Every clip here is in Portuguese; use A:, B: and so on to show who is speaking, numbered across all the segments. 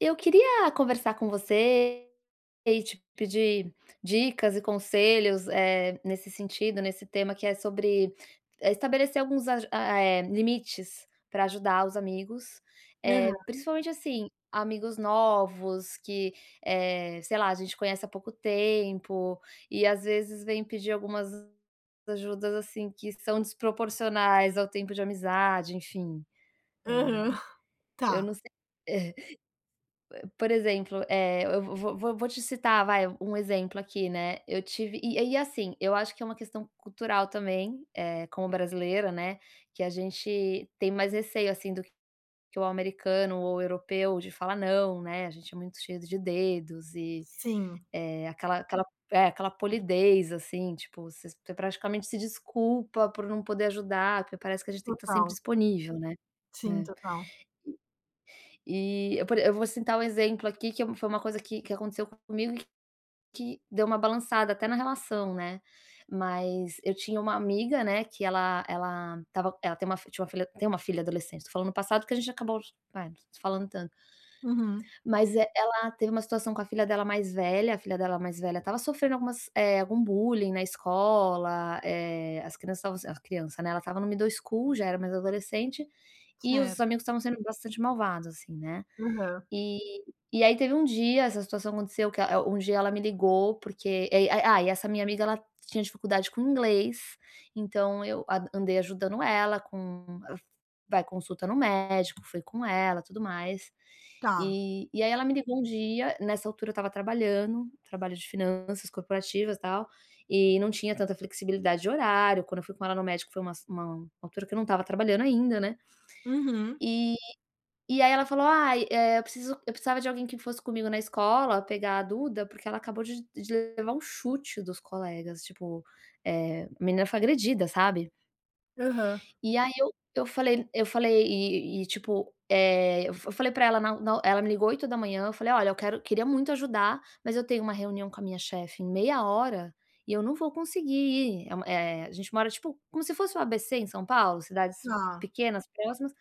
A: Eu queria conversar com você e te pedir dicas e conselhos, eh, nesse sentido, nesse tema que é sobre, eh, estabelecer alguns aju a eh limites pra ajudar os amigos. Eh,
B: Aham.
A: principalmente, assim, amigos novos que, eh, sei lá, a gente conhece há pouco tempo e às vezes vem pedir algumas ajudas, assim, que são desproporcionais ao tempo de amizade, enfim.
B: Aham,
A: Eh, eu não
B: tá.
A: sei É, eh, por exemplo, eh, eu vo vo vo vou te citar, vai, um exemplo aqui, né, eu tive e e assim, eu acho que é uma questão cultural também, eh, como brasileiro, né, que a gente tem mais receio, assim, do que que o americano ou europeu de falar "não", né. A gente é muito cheio de dedos e,
B: Sim.
A: eh, aquela aquela é, aquela polidez, assim, tipo, você você praticamente se desculpa por não poder ajudar, porque parece que a gente tem que tá sempre
B: Total.
A: disponível, né.
B: Sim,
A: É,
B: total.
A: e e eu por e eu vou citar um exemplo aqui que é foi uma coisa que que aconteceu comigo e que que deu uma balançada até na relação, né. Mas eu tinha uma amiga, né, que ela ela estava ela tem uma fi tinha uma fi tem uma filha adolescente, tô falando no passado, porque a gente acabou é, não se falando tanto.
B: Uhum.
A: Mas, eh, ela teve uma situação com a filha dela mais velha. A filha dela mais velha estava sofrendo algumas, eh, algum bullying na escola, eh, as crianças estavam s "as criança", né, ela estava no middle school, já era mais adolescente, e os
B: Certo.
A: amigos estavam sendo bastante malvados, assim, né.
B: Aham.
A: E e aí teve um dia, essa situação aconteceu que a eh, um dia ela me ligou, porque e e ah, e essa minha amiga, ela tinha dificuldade com inglês, então eu a andei ajudando ela com vai consulta no médico, fui com ela, tudo mais,
B: Tá.
A: e e aí ela me ligou um dia, nessa altura eu estava trabalhando, trabalho de finanças corporativas, tal, e não tinha tanta flexibilidade de horário, quando eu fui com ela no médico, foi uma s uma altura que eu não estava trabalhando ainda, né.
B: Uhum.
A: E e aí ela falou: "Ai, eh, eu preciso eu precisava de alguém que fosse comigo na escola pegar a Duda, porque ela acabou de de levar um chute dos colegas", tipo, eh, a menina foi agredida, sabe.
B: Aham.
A: E aí eu eu falei eu falei e e, tipo, eh, eu eu f falei pra ela na na ela me ligou 8h,, eu falei: "Olha, eu quero queria muito ajudar, mas eu tenho uma reunião com a minha chefe em meia hora e eu não vou conseguir ir". Eh uma eh, a gente mora tipo como se fosse o ABC em São Paulo, cidades
B: Tá.
A: pequenas, próximas,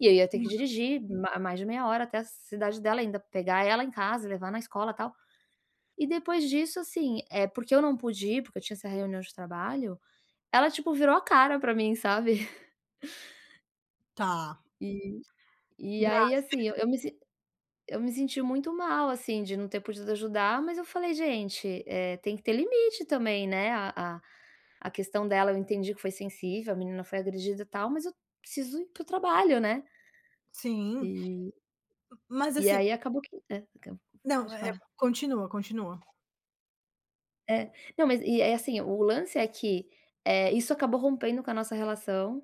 A: e aí eu ia ter que
B: Hum.
A: dirigir ma mais de meia hora até a cidade dela, ainda pegar ela em casa, levar na escola, tal. E depois disso, assim, eh, porque eu não pude ir, porque eu tinha essa reunião de trabalho, ela tipo virou a cara pra mim, sabe.
B: Tá.
A: E e
B: Grave.
A: aí, assim, eu me s eu me senti muito mal, assim, de não ter podido ajudar, mas eu falei: "Gente, eh, tem que ter limite também, né? A a a questão dela eu entendi que foi sensível, a menina foi agredida e tal, mas eu preciso ir para o trabalho, né".
B: Sim.
A: E
B: Mas
A: e
B: assim
A: aí acabou que, é [unintelligible]
B: não,
A: pode
B: é
A: falar.
B: continua, continua.
A: É, não, mas e aí, assim, o lance é que, eh, isso acabou rompendo com a nossa relação.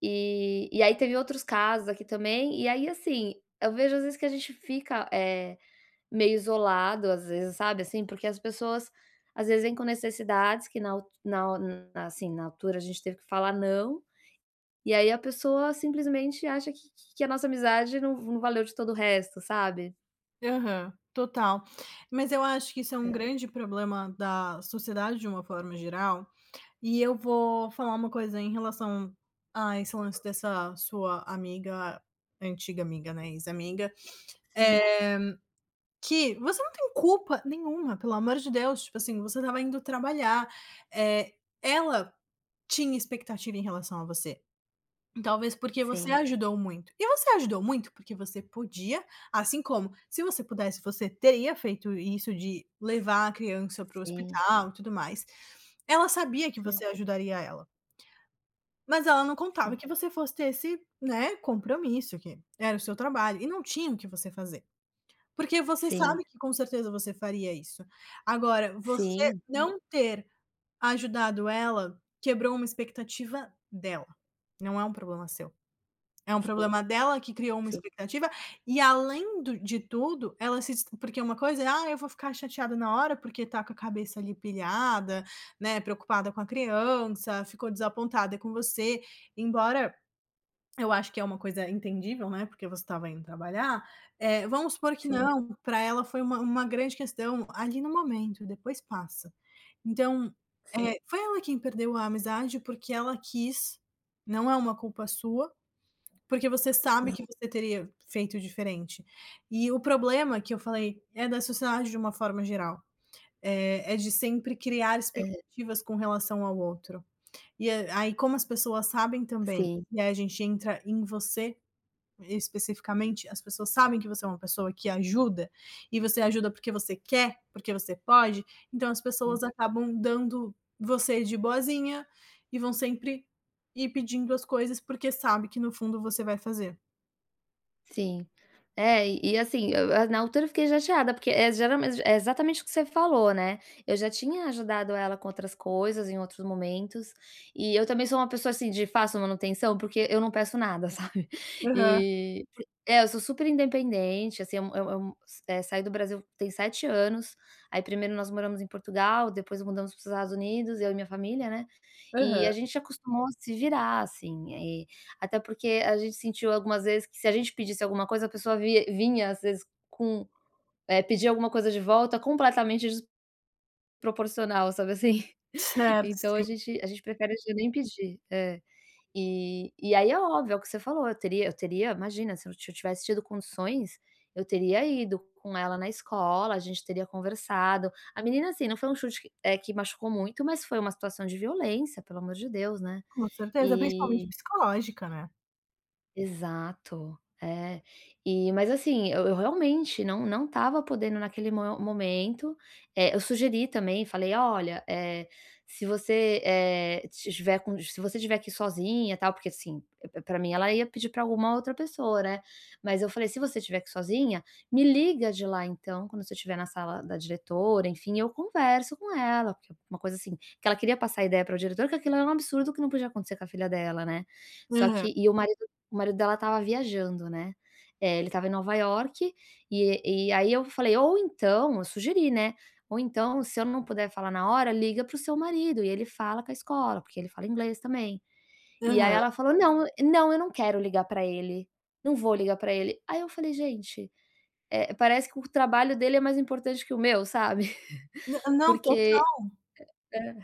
A: E e aí teve outros casos aqui também. E aí, assim, eu vejo, às vezes, que a gente fica, eh, meio isolado, às vezes, sabe, assim, porque as pessoas, às vezes, vêm com necessidades que na alt na na, assim, na altura a gente teve que falar" não". E aí a pessoa simplesmente acha que que que a nossa amizade não não valeu de todo o resto, sabe?
B: Aham, total, mas eu acho que isso é um
A: É.
B: grande problema da sociedade de uma forma geral. E eu vou falar uma coisa em relação a esse lance dessa sua amiga, antiga amiga, né, ex-amiga,
A: Sim.
B: eh, que você não tem culpa nenhuma, pelo amor de Deus. Tipo assim, você estava indo trabalhar, eh, ela tinha expectativa em relação a você talvez porque você
A: Sim.
B: ajudou muito. E você ajudou muito porque você podia, assim como, se você pudesse você teria feito isso de levar a criança para o
A: Sim.
B: hospital e tudo mais. Ela sabia que você
A: Sim.
B: ajudaria ela. Mas ela não contava
A: Sim.
B: que você fosse ter esse, né, compromisso, que era o seu trabalho, e não tinha o que você fazer, porque você
A: Sim.
B: sabe que com certeza você faria isso. Agora, você
A: Sim.
B: não ter ajudado ela, quebrou uma expectativa dela. Não é um problema seu, é um
A: Sim,
B: problema dela que criou uma
A: sim.
B: expectativa. E além do de tudo, ela se des porque uma coisa é: "Ah, eu vou ficar chateada na hora", porque tá com a cabeça ali pilhada, né, preocupada com a criança, ficou desapontada com você. Embora eu acho que é uma coisa entendível, né, porque você estava indo trabalhar. Eh, vamos supor que
A: Sim.
B: não. Pra ela foi uma uma grande questão ali no momento, depois passa. Então,
A: Sim.
B: eh, foi ela quem perdeu a amizade porque ela quis. Não é uma culpa sua, porque você sabe
A: Sim.
B: que você teria feito diferente. E o problema que eu falei é da sociedade de uma forma geral, eh, é de sempre criar
A: Aham.
B: expectativas com relação ao outro. E a aí, como as pessoas sabem também,
A: Sim.
B: e aí a gente entra em você especificamente, as pessoas sabem que você é uma pessoa que ajuda e você ajuda porque você quer, porque você pode. Então as
A: Hum.
B: pessoas acabam dando você de boazinha e vão sempre ir pedindo as coisas, porque sabe que no fundo você vai fazer.
A: Sim, eh, e e assim, e eu na altura eu fiquei chateada, porque, é geralmen é exatamente o que você falou, né, eu já tinha ajudado ela com outras coisas em outros momentos, e eu também sou uma pessoa, assim, de fácil manutenção, porque eu não peço nada, sabe,
B: Aham.
A: e, é eu sou super independente, assim, é um é um é um eh, saí do Brasil tem 7 anos, aí 1º nós moramos em Portugal, depois mudamos para os Estados Unidos, eu e minha família, né, e
B: Aham.
A: a gente acostumou a se virar, assim. Eh, até porque a gente sentiu algumas vezes que se a gente pedisse alguma coisa, a pessoa vi vinha às vezes com, eh, pedia alguma coisa de volta completamente desproporcional, sabe, assim,
B: Certo,
A: então a
B: sim.
A: gente a gente prefere já nem pedir, é. E e aí é óbvio, é o que você falou, eu teria eu teria, imagina, se eu t tivesse tido condições, eu teria ido com ela na escola, a gente teria conversado, a menina, assim, não foi um chute que, eh, que machucou muito, mas foi uma situação de violência, pelo amor de Deus, né,
B: Com certeza, principalmente
A: e
B: psicológica, né.
A: exato, é, e mas assim, eu eu realmente não não estava podendo naquele mo momento, eh, eu sugeri também, falei: "Olha, eh, se você, eh, se tiver com se você tiver que ir sozinha, tal", porque assim, p pra mim ela ia pedir pra alguma outra pessoa, né, mas eu falei: "Se você tiver que ir sozinha, me liga de lá então, quando você tiver na sala da diretora, enfim, eu converso com ela". Porque uma coisa assim, que ela queria passar a ideia pra diretora que aquilo era um absurdo, que não podia acontecer com a filha dela, né, só
B: Aham.
A: que, e o marido o marido dela tava viajando, né, eh, ele tava em Nova York e e aí eu falei: "Ou então", eu sugeri, né: "Ou então, se eu não puder falar na hora, liga para o seu marido e ele fala com a escola, porque ele fala inglês também", e aí
B: Aham.
A: ela falou: "Não, não, eu não quero ligar pra ele, não vou ligar pra ele", aí eu falei: "Gente, eh, parece que o trabalho dele é mais importante que o meu", sabe.
B: N não, total.
A: Porque, é,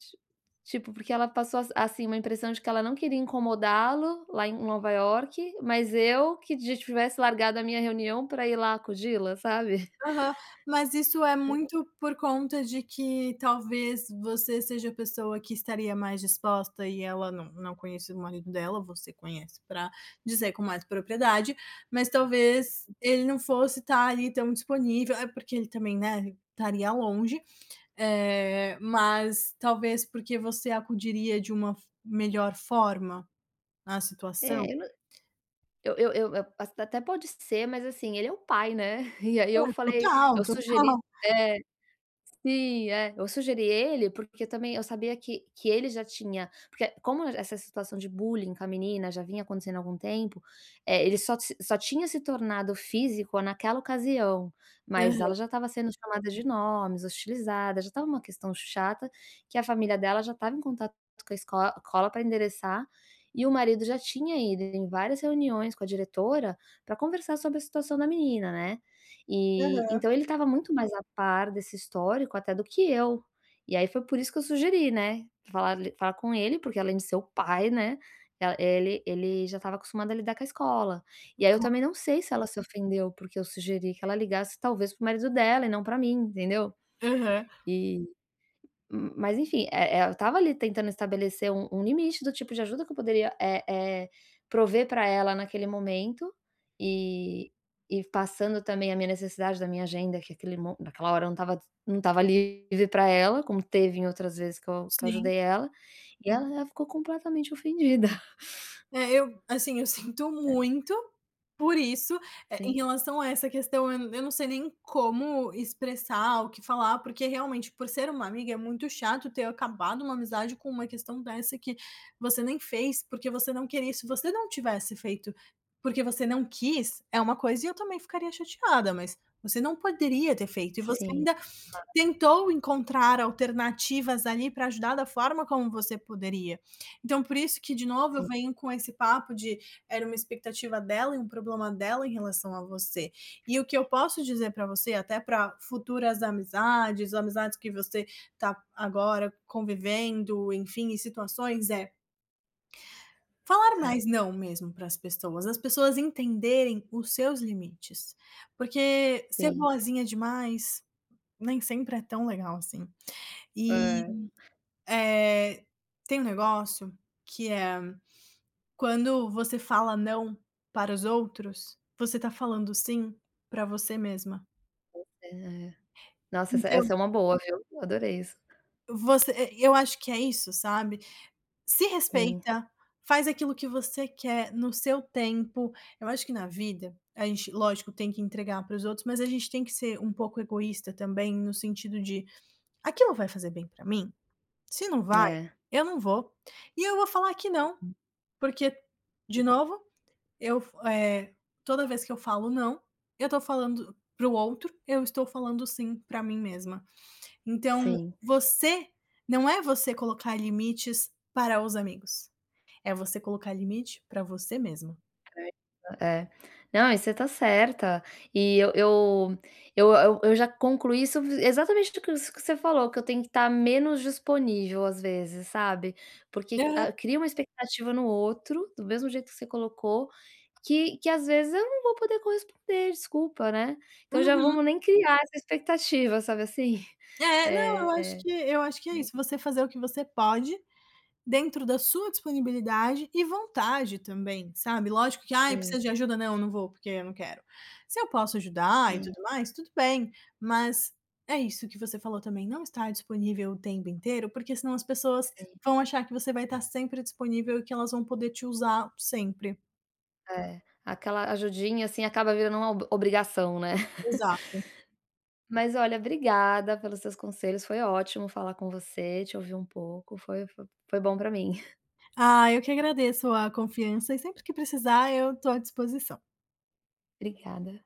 A: ti tipo, porque ela passou as assim, uma impressão de que ela não queria incomodá-lo lá em Nova York, mas eu que tivesse largado a minha reunião pra ir lá acudi-la, sabe.
B: Aham, mas isso é muito por conta de que talvez você seja a pessoa que estaria mais disposta e ela não não conheço o marido dela, você conhece pra dizer com mais propriedade, mas talvez ele não fosse tá ali tão disponível é porque ele também, né, estaria longe, eh, mas talvez porque você acudiria de uma f melhor forma na
A: É,
B: situação.
A: eu n eu eu eu assim até pode ser, mas assim, ele é o pai, né, e aí
B: É,
A: eu falei
B: total,
A: eu sugeri
B: total.
A: é, sim, é, eu sugeri ele porque também eu sabia que que ele já tinha porque como essa situação de bullying com a menina já vinha acontecendo há algum tempo, eh, ele só se só tinha se tornado físico naquela ocasião, mas ela já
B: Aham.
A: tava sendo chamada de nomes, hostilizada, já estava uma questão chata, que a família dela já estava em contato com a escol ...cola pra endereçar. E o marido já tinha ido em várias reuniões com a diretora pra conversar sobre a situação da menina, né. E
B: Aham.
A: então ele tava muito mais a par desse histórico até do que eu, e aí foi por isso que eu sugeri, né, falar falar com ele, porque além de ser o pai, né, eh, ele ele já estava acostumado a lidar com a escola, e aí eu também
B: [unintelligible]
A: não sei se ela se ofendeu, porque eu sugeri que ela ligasse talvez para o marido dela e não pra mim, entendeu.
B: Aham.
A: E, hum, mas enfim, eh eh, eu tava ali tentando estabelecer um um limite do tipo de ajuda que eu poderia, eh eh, prover pra ela naquele momento e e passando também a minha necessidade da minha agenda, que aquele mo naquela hora não estava não estava livre pra ela, como teve em outras vezes que eu que eu
B: Sim.
A: ajudei ela, e ela ficou completamente ofendida.
B: É, eu, assim, eu sinto
A: É.
B: muito por isso, eh, em
A: Sim.
B: relação a essa questão, eu n eu não sei nem como expressar ou o que falar, porque realmente por ser uma amiga, é muito chato ter acabado uma amizade com uma questão dessa que você nem fez, porque você não queria, se você não tivesse feito, porque você não quis, é uma coisa e eu também ficaria chateada. Mas você não poderia ter feito, e você
A: Sim,
B: ainda
A: claro.
B: tentou encontrar alternativas ali pra ajudar da forma como você poderia. Então por isso que, de novo, eu
A: Sim.
B: venho com esse papo de era uma expectativa dela e um problema dela em relação a você, e o que eu posso dizer pra você, até pra futuras amizades, amizades que você tá agora convivendo, enfim, em situações, é falar mais
A: Certo.
B: "não", mesmo para as pessoas, as pessoas entenderem os seus limites, porque ser
A: Sim.
B: boazinha demais nem sempre é tão legal assim, e,
A: É.
B: eh, tem um negócio que é: "Quando você fala 'não' para os outros, você tá falando 'sim' pra você mesma".
A: Pois é. Nossa, essa
B: Então
A: essa é uma boa viu, adorei isso.
B: você e eu acho que é isso, sabe? Se
A: Sim.
B: respeita, faz aquilo que você quer no seu tempo, eu acho que na vida a gente, lógico, tem que entregar pros outros, mas a gente tem que ser um pouco egoísta também, no sentido de: "Aquilo vai fazer bem pra mim? Se não vai,
A: É.
B: eu não vou e eu vou falar que não,
A: Hum.
B: porque, de
A: Sim.
B: novo, eu f é, toda vez que eu falo 'não', eu tô falando pro outro, eu estou falando 'sim' pra mim mesma". Então
A: Sim.
B: você, não é você colocar limites para os amigos, é você colocar limite pra você mesma.
A: [unintelligible] É. Não, e você tá certa e eu eu eu eu eu já concluí isso exatamente isso que você falou, que eu tenho que tá menos disponível às vezes, sabe, porque
B: Aham.
A: a cria uma expectativa no outro, do mesmo jeito que você colocou, que que às vezes eu não vou poder corresponder, desculpa, né, então já
B: Uhum.
A: vamos nem criar essa expectativa, sabe assim,
B: É, não, eu acho
A: é.
B: que eu acho que é isso, você fazer o que você pode dentro da sua disponibilidade e vontade também, sabe, lógico que "ai, eu
A: Sim.
B: preciso de ajuda". "Não, eu não vou, porque eu não quero". Se eu posso ajudar e
A: Sim.
B: tudo mais, tudo bem, mas é isso que você falou também, não estar disponível o tempo inteiro, porque senão as pessoas
A: Sim.
B: vão achar que você vai tá sempre disponível e que elas vão poder te usar sempre.
A: É, aquela ajudinha assim acaba virando uma ob obrigação, né.
B: Exato.
A: Mas olha, obrigada pelos seus conselhos, foi ótimo falar com você, te ouvir um pouco, foi foi foi bom pra mim.
B: Ah, eu que agradeço a confiança e sempre que precisar eu tô à disposição.
A: Obrigada.